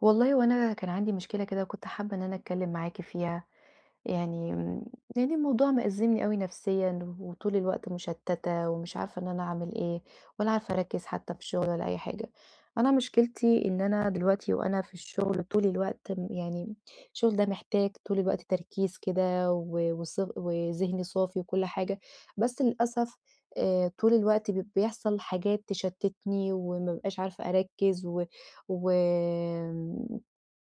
والله هو أنا كان عندي مشكلة كده وكنت حابة إن أنا أتكلم معاكِ فيها، يعني، يعني الموضوع مأزِّمني أوي نفسيًا، وطول الوقت مُشتّتة ومش عارفة إن أنا أعمل إيه ولا عارفة أركّز حتى في شغل ولا أي حاجة، أنا مشكلتي إن أنا دلوقتي وأنا في الشغل طول الوقت يعني، الشغل ده محتاج طول الوقت تركيز كده و وص وذهن صافي وكُلّ حاجة، بس للأسف آآ، طول الوقت ب بيحصل حاجات تشتِّتني وما بابقاش عارفة أركّز و و آمم،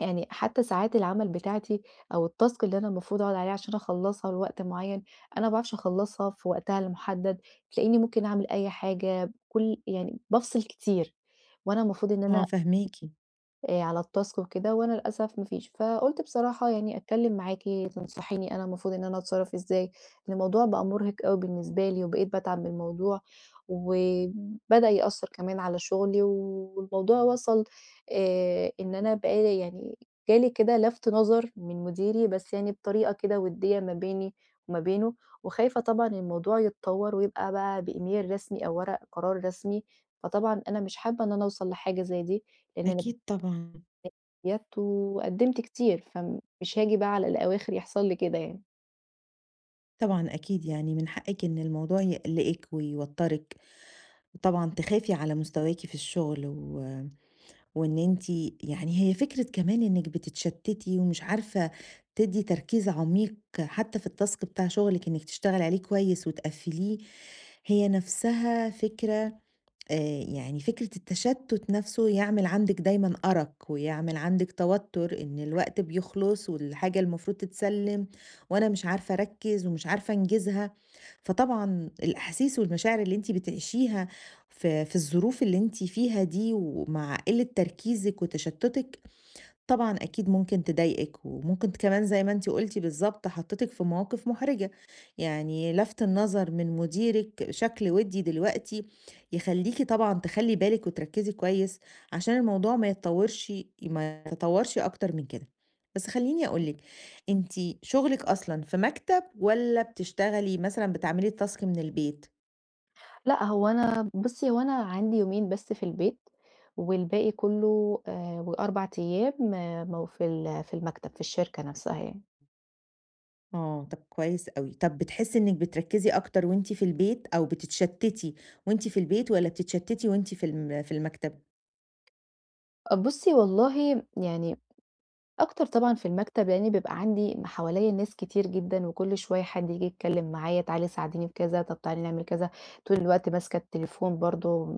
يعني حتى ساعات العمل بتاعتي، أو التاسك اللي أنا المفروض أقعد عليها عشان أخلّصها لوقت معيّن، أنا ما باعرفش أخلّصها في وقتها المحدّد، تلاقيني ممكن أعمل أي حاجة بكُلّ يعني بافصِل كتير، وأنا المفروض إن آه، أنا فاهماكِ. آآ، على التاسك وكده وأنا للأسف ما فيش، فقُلت بصراحة يعني أتكلم معاكِ تنصحيني أنا المفروض إن أنا أتصرَّف إزاي، لأن الموضوع بقى مُرهِق أوي بالنسبة لي وبقيت باتعب من الموضوع، وبدأ يأثَّر كمان على شغلي والموضوع وصَل آآ، إن أنا بقى لي يعني جالي كده لَفت نَظَر من مديري، بس يعني بطريقة كده وديَّة ما بيني وما بينه، وخايفة طبعًا الموضوع يتطوّر ويبقى بقى بإيميل رسمي أو ورق قرار رسمي، فطبعًا أنا مش حابة إن أنا أوصَل لحاجة زي دي، لأن أنا [unintelligible] أكيد طبعًا. وقدِّمت كتير، فمش هاجي بقى على الأواخر يحصل لي كده يعني. طبعًا أكيد يعني من حقِك إن الموضوع يقلقِك ويوترِك وطبعًا تخافي على مستواكِ في الشغل، و وإن أنتِ يعني هي فكرة كمان إنك بتتشتتي ومش عارفة تدي تركيز عميق حتى في الtask بتاع شغلِك إنك تشتغلي عليه كويس وتقفِّليه هي، نفسها فكرة آآ يعني فكرة التشتت نفسه يعمل عندِك دايمًا أرق ويعمل عندِك توتر إن الوقت بيخلُص والحاجة المفروض تتسلم وأنا مش عارفة أركز ومش عارفة أنجزها، فطبعًا الأحاسيس والمشاعر اللي أنتِ بتعيشيها في في الظروف اللي أنتِ فيها دي ومع قلة تركيزِك وتشتتِك طبعًا أكيد ممكن تضايقِك وممكن كمان زي ما أنتِ قلتِ بالضبط، حطيتِك في مواقف محرجة، يعني لفت النظر من مديرِك شكل ودي دلوقتي يخلّيكِ طبعًا تخلّي بالِك وتركزي كويس عشان الموضوع ما يتطورش ما يتطورش أكتر من كده، بس خلّيني أقول لِك أنتِ شغلِك أصلًا في مكتب والّا بتشتغلي مثلًا بتعملي الtask من البيت؟ لأ هو أنا بُصّي هو أنا عندي يومين بس في البيت، والباقي كلّه آآ و4 أيام مو في ال في المكتب، في الشركة نفسها يعني. آه، طَب كويس أوي، طَب بتحسّي إنِك بتركّزِي أكتر وأنتِ في البيت، أو بتتشتتي وأنتِ في البيت، والّا بتتشتتي وأنتِ في الم في المكتب؟ أ بُصّي والله م يعني أكتر طبعًا في المكتب، لأن بيبقي عندي م حواليّا ناس كتير جدًا، وكل شويّة حد ييجي يتكلم معايا تعالي ساعديني في كذا، طَب تعالي نعمل كذا، طول الوقت ماسكة التليفون برضه،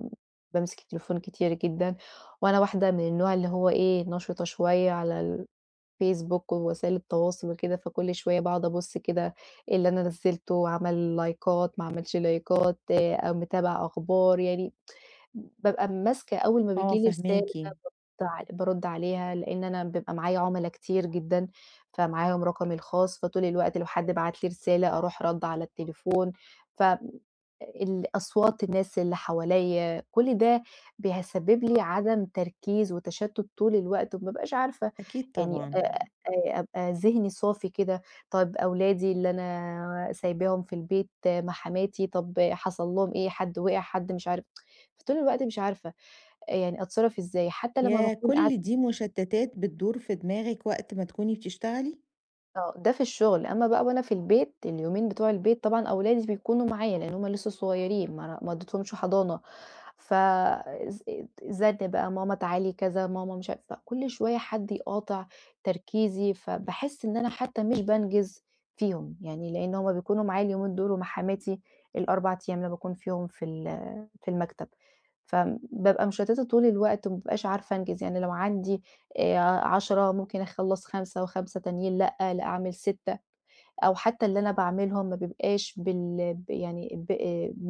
بامسك التليفون كتير جدًا، وأنا واحدة من النوع اللي هو إيه نشطة شوية على الفيسبوك ووسائل التواصل وكده، فكل شوية باقعد أبُص كده إيه اللي أنا نزّلته عمل لايكات ما معملش لايكات أو متابعة أخبار يعني بابقي ماسكة أول ما آه بييجي لي رسالة فاهماكِ. بارُد ع بارُد عليها، لأن أنا بيبقي معايا عُملا كتير جدً، ا فمعاهم رقمي الخاص فطول الوقت لو حد بعت لي رسالة أروح ردّة على التليفون ف الأصوات الناس اللي حواليّا كل ده بيسبب لي عدم تركيز وتشتت طول الوقت، وما أبقاش عارفة أكيد يعني أ طبعًا. أ أبقي ذهني صافي كده، طيب أولادي اللي أنا سايباهم في البيت مع حماتي، طَب حصل لهم إيه؟ حد وقع، حد مش عارف فطول الوقت مش عارفة آآ يعني أتصرَّف إزاي؟ حتى لمّا ياه! باكون كل قاعدة دي مشتتات بتدور في دماغِك، وقت ما تكوني بتشتغلي! آه، ده في الشغل، أمّا بقى وأنا في البيت، اليومين بتوع البيت، طبعًا أولادي بيكونوا معايا لأن هم لسه صغيرين ما أنا ما ودّيتهمش حضانة، ف الز زَنّ بقى "ماما تعالي كذا، ماما مش عارفه" فكُلّ شوية حد يقاطع تركيزي، فباحس إن أنا حتى مش بانجِز فيهم، يعني لأن هم بيكونوا معايا اليومين دول ومع حماتي ال4 أيام اللي باكون فيهم في ال في المكتب، فبابقى مشتَّتة طول الوقت، وما بابقاش عارفة أنجِز يعني لو عندي آآ، 10 ممكن أخلّص 5 و5 تانيين لأ، لأ أعمِل 6، أو حتى اللي أنا باعملهم ما بيبقاش بال ب يعني ب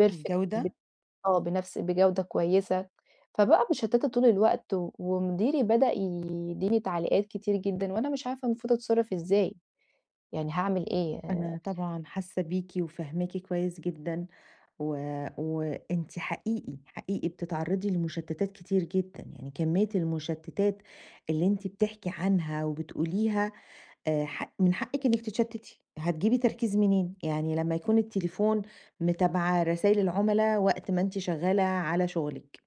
perfect ب الجودة؟ آه، بنفس بجودة كويسة، فبقى مشتَّتة طول الوقت، و ومديري بدأ يدّيني تعليقات كتير جدًا، وأنا مش عارفة المفروض أتصرّف إزاي؟ يعني هاعمل إيه؟ آآ أنا طبعًا حاسة بيكِ، وفاهماكِ كويس جدًا، و وأنتِ حقيقي، حقيقي بتتعرّضي لمشتَّتات كتير جدًا، يعني كمية المشتَّتات اللي أنتِ بتحكي عنها وبتقوليها آآ، حق من حقِّك إنِّك تتشتِّتي، هتجيبي تركيز منين؟ يعني لمّا يكون التليفون متابعة رسايل العملا وقت ما أنتِ شغالة على شغلِك،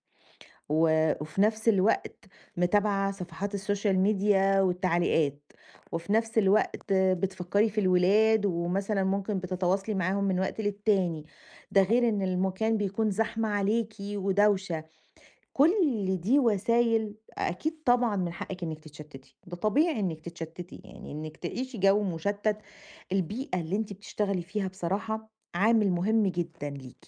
و وفي نفس الوقت متابعة صفحات الSocial Media والتعليقات، وفي نفس الوقت بتفكّري في الولاد، ومثلًا ممكن بتتواصلي معاهم من وقت للتاني، ده [unintelligible] غير إن المكان بيكون زحمة عليكِ ودوشة، كُلّ دي وسايل أكيد طبعًا من حقِّك إنِّك تتشتِّتي، ده طبيعي إنِّك تتشتِّتي، يعني إنِّك تعيشي جو مشتَّت البيئة اللي أنتِ بتشتغلي فيها بصراحة عامل مهم جدًا ليكِ.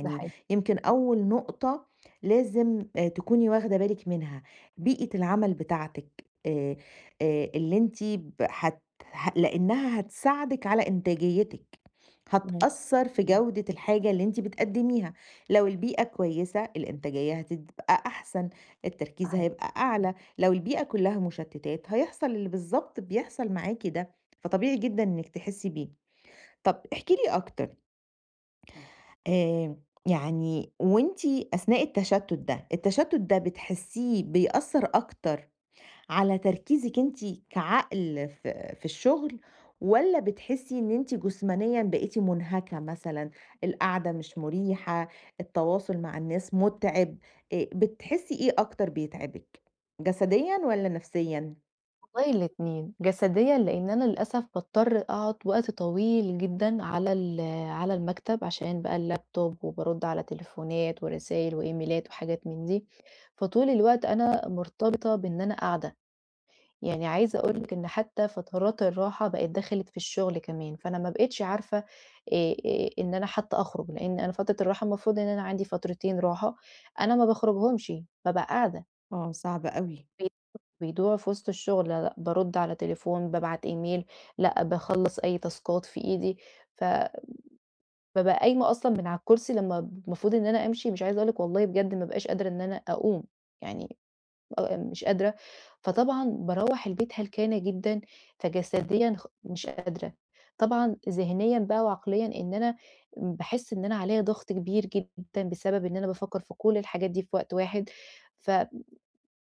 ده حقيقي. يمكن أول نقطة لازم آآ، تكوني واخدة بالِك منها، بيئة العمل بتاعتِك آآ، آآ، اللي أنتِ ب هت هت لأنها هتساعدِك على إنتاجيتِك، امم. هتأثّر في جودة الحاجة اللي أنتِ بتقدِّميها، لو البيئة كويسة الإنتاجية هتبقى أحسن، التركيز [unintelligible] هيبقى أعلى، لو البيئة كلَّها مشتِّتات هيحصل اللي بالضبط بيحصل معاكِ ده، فطبيعي جدًا إنِّك تحسّي بيه. طَب احكي لي أكتر آآ، يعني وأنتِ أثناء التشتُّت ده، التشتُّت ده بتحسيه بيأثّر أكتر على تركيزِك أنتِ كعقل في في الشغل، والَّا بتحسي إن أنتِ جسمانيًا بقيتِ منهكة مثلًا، القعدة مش مريحة، التواصل مع الناس متعب آآ، بتحسي إيه أكتر بيتعبِك؟ جسديًا والَّا نفسيًا؟ والله الاتنين، جسديًا لإن أنا للأسف باضطر أقعُد وقت طويل جدًا على ال على المكتب عشان بقى اللاب توب وبارُد على تليفونات ورسايل وإيميلات وحاجات من دي، فطول الوقت أنا مرتبطة بإن أنا قاعدة. يعني عايزة أقول لِك إن حتّى فترات الراحة بقيت دخلت في الشُغل كمان، فأنا ما بقيتش عارفة آآ آآ إن أنا حتّى أخرُج لإن أنا فترة الراحة المفروض إن أنا عندي فترتين راحة، أنا ما باخرُجهمشِ بابقى قاعدة. آه، صعبة أوي. [unintelligible] بيضيعوا في وِسط الشُغل لا، لأ بارُد على تليفون، بابعت إيميل، لأ باخلّص أي تاسكات في إيدي، ف بابقى قايمة أصلًا من على الكرسي لمّا ب المفروض إن أنا أمشي مش عايزة أقول لِك والله بجد ما بقاش قادرة إن أنا أقوم، يعني أبقى مش قادرة، فطبعًا باروّح البيت هلكانة جدًا، فجسديًا خ مش قادرة. طبعًا ذِهنيًا بقى وعقليًا إن أنا م باحِس إن أنا عليا ضَغْط كبير جدًا بسبب إن أنا بافكّر في كل الحاجات دي في وقت واحد، ف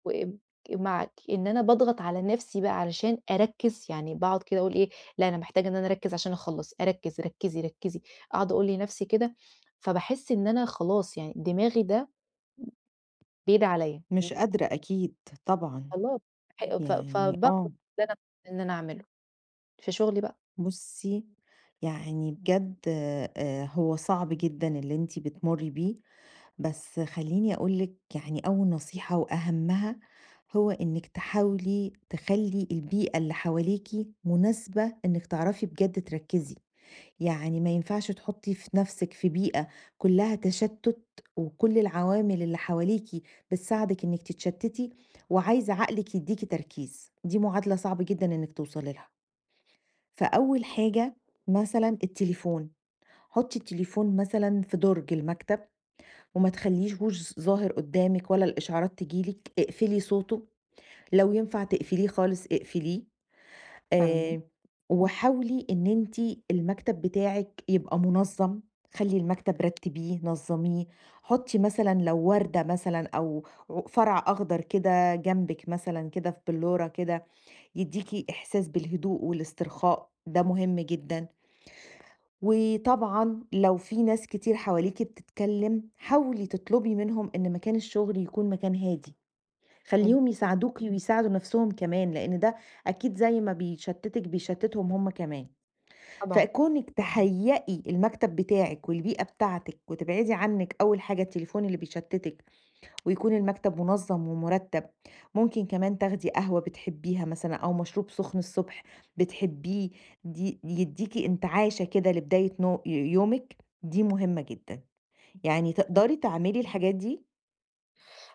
وآمم ك معاكِ إن أنا باضغط على نَفْسي بقى علشان أركِّز، يعني باقعُد كده أقول إيه، لأ أنا محتاجة إن أنا أركِّز عشان أخلَّص، أركِّز، ركّزي، ركّزي، أقعُد أقول لنفسي كده، فباحِس إن أنا خلاص يعني دماغي ده بيدعي عليّا. مش قادرة أكيد طبعًا، خلاص ح ف ف يعني آه. [unintelligible] إن أعمله، في شُغلي بقى. بُصّي، يعني بجد آآ هو صعب جدًا اللي أنتِ بتمُرّي بيه، بس خلّيني أقول لِك يعني أول نصيحة وأهمّها، هو إنِّك تحاولي تخلّي البيئة اللي حواليكِ مناسبة إنِّك تعرفي بجد تركِّزي. يعني ما ينفعش تحُطّي في نَفْسِك في بيئة كُلّها تشتُّت وكل العوامل اللي حواليكِ بتساعدِك إنِّك تتشتِّتي وعايزة عقلِك يدّيكِ تركيز، دي معادلة صعبة جدًا إنِّك توصلي لها. فأول حاجة مثلًا التليفون، حُطّي التليفون مثلًا في دُرج المكتب وما تخلّيهوش ظاهر قُدّامِك والّا الإشعارات تيجي لِك، اقفلي صوته، لو ينفع تقفليه خالص اقفليه، تم آآ وحاولي إن أنتِ المكتب بتاعِك يبقى مُنظّم، خلّي المكتب رتّبيه نظّميه، حُطّي مثلًا لو وردة مثلًا أو ع فرع أخضر كده جنبِك مثلًا كده في بلُّورة كده، يدّيكِ إحساس بالهدوء والاسترخاء، ده مهم جدًا. وطبعًا لو في ناس كتير حواليكِ بتتكلِّم، حاولي تطلُبي منهم إن مكان الشُغل يكون مكان هادي. [unintelligible] خلّيهم يساعدوكِ ويساعدوا نَفْسهم كمان، لإن ده أكيد زي ما بيشتِّتِك بيشتِّتِهم هم كمان. طبعًا. فكُونِك تهيّئي المكتب بتاعِك والبيئة بتاعتِك وتبعدي عنِّك أول حاجة التليفون اللي بيشتِّتِك ويكون المكتب مُنظّم ومُرتّب، ممكن كمان تاخدي قهوة بتحبّيها مثلًا أو مشروب سُخن الصبح بتحبّيه دي يدّيكِ انتعاشة كده لبداية نو ي يومِك، دي مهمّة جدًا. يعني [unintelligible] تقدري تعملي الحاجات دي؟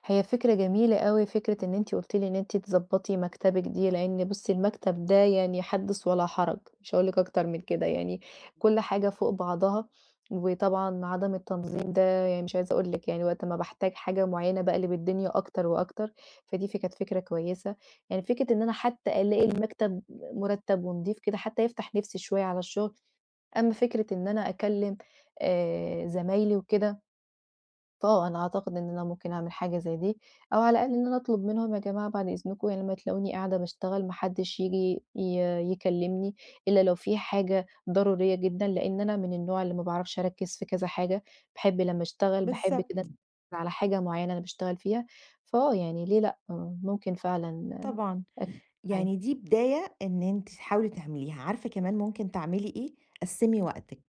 هي فكرة جميلة أوي فكرة إن أنتِ قُلتِ لي إن أنتِ تضبطي مكتبِك دي لأن بُصّي المكتب ده يعني حدِّث ولا حرج، مش هاقول لِك أكتر من كده يعني كل حاجة فوق بعضها وطبعًا عدم التنظيم ده يعني مش عايزة أقول لِك يعني وقت ما باحتاج حاجة معيّنة باقلب الدنيا أكتر وأكتر، فدي فك كانت فكرة كويسة. يعني فكرة إن أنا حتى ألاقي المكتب مُرتب ونضيف كده حتى يفتح نفسي شوية على الشغل. أمّا فكرة إن أنا أكلّم آآ زمايلي وكده آه أنا أعتقد إن أنا ممكن أعمل حاجة زي دي أو على الأقل إن أنا أطلب منهم يا جماعة بعد إذنكم لمّا تلاقوني قاعدة باشتغل ما حدش ييجي ي يكلمني إلا لو في حاجة ضرورية جدًًا لأن أنا من النوع اللي ما باعرفش أركِّز في كذا حاجة، باحب لمّا أشتغل باحب بالضبط. كده على حاجة معيّنة أنا باشتغل فيها. فآه يعني ليه لأ؟ ممكن فعلًا طبعًا، أك [unintelligible] يعني دي بداية إن أنتِ تحاولي تعمليها، عارفة كمان ممكن تعملي إيه؟ قسّمي وقتِك.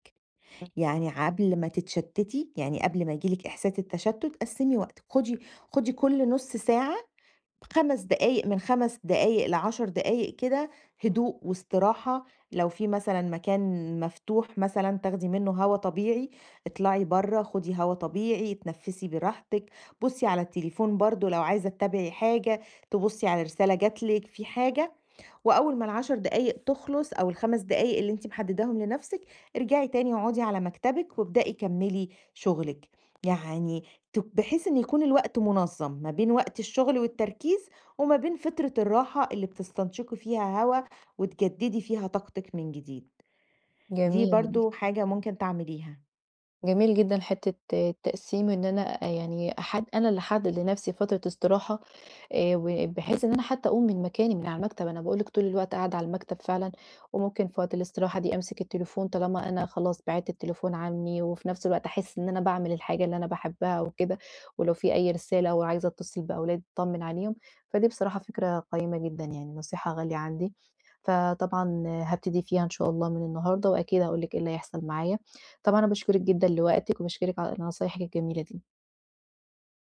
[unintelligible] يعني ع قبل ما تتشتتي، يعني قبل ما ييجي لِك إحساس التشتت قسّمي وقتِك، خدي خدي كُل نُص ساعة، 5 دقايق من 5 دقايق ل10 دقايق كده هدوء واستراحة لو في مثلًا مكان مفتوح مثلًا تاخدي منه هوا طبيعي، اطلعي برّه خدي هوا طبيعي، اتنفسي براحتِك، بُصّي على التليفون برضه لو عايزة تتابعي حاجة، تبُصّي على رسالة جات لِك في حاجة، وأول ما ال10 دقايق تخلص أو ال5 دقايق اللي أنتِ محدداهم لنفسِك ارجعي تاني اقعدي على مكتبِك وابدئي كمّلي شغلِك. يعني ت بحيث إن يكون الوقت منظّم ما بين وقت الشغل والتركيز وما بين فترة الراحة اللي بتستنشقي فيها هوا وتجددي فيها طاقتِك من جديد. دي جميل. برضه حاجة ممكن تعمليها. جميل جدًًا حتة التقسيم إن أنا يعني أحد أنا اللي أحدد لنفسي فترة استراحة آآ وبحيث إن أنا حتى أقوم من مكاني من على المكتب، أنا باقول لِك طول الوقت قاعدة على المكتب فعلًا وممكن في وقت الاستراحة دي أمسك التليفون طالما أنا خلاص بعدت التليفون عني وفي نفس الوقت أحس إن أنا باعمل من الحاجة اللي أنا باحبها وكده ولو في أي رسالة أو عايزة أتصل بأولاد أطمن عليهم، فدي بصراحة فكرة قيّمة جدًًا يعني نصيحة غالية عندي. فطبعًا هابتدي فيها إن شاء الله من النهاردة وأكيد هاقول لِك إيه اللي هيحصل معايا. طبعًا أنا باشكرك جدًًا لوقتِك وباشكرِك على نصايحِك الجميلة دي.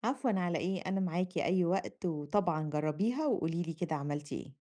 عفوًا، على إيه؟ أنا معاكِ أي وقت وطبعًا جربيها وقولي لي كده عملتِ إيه.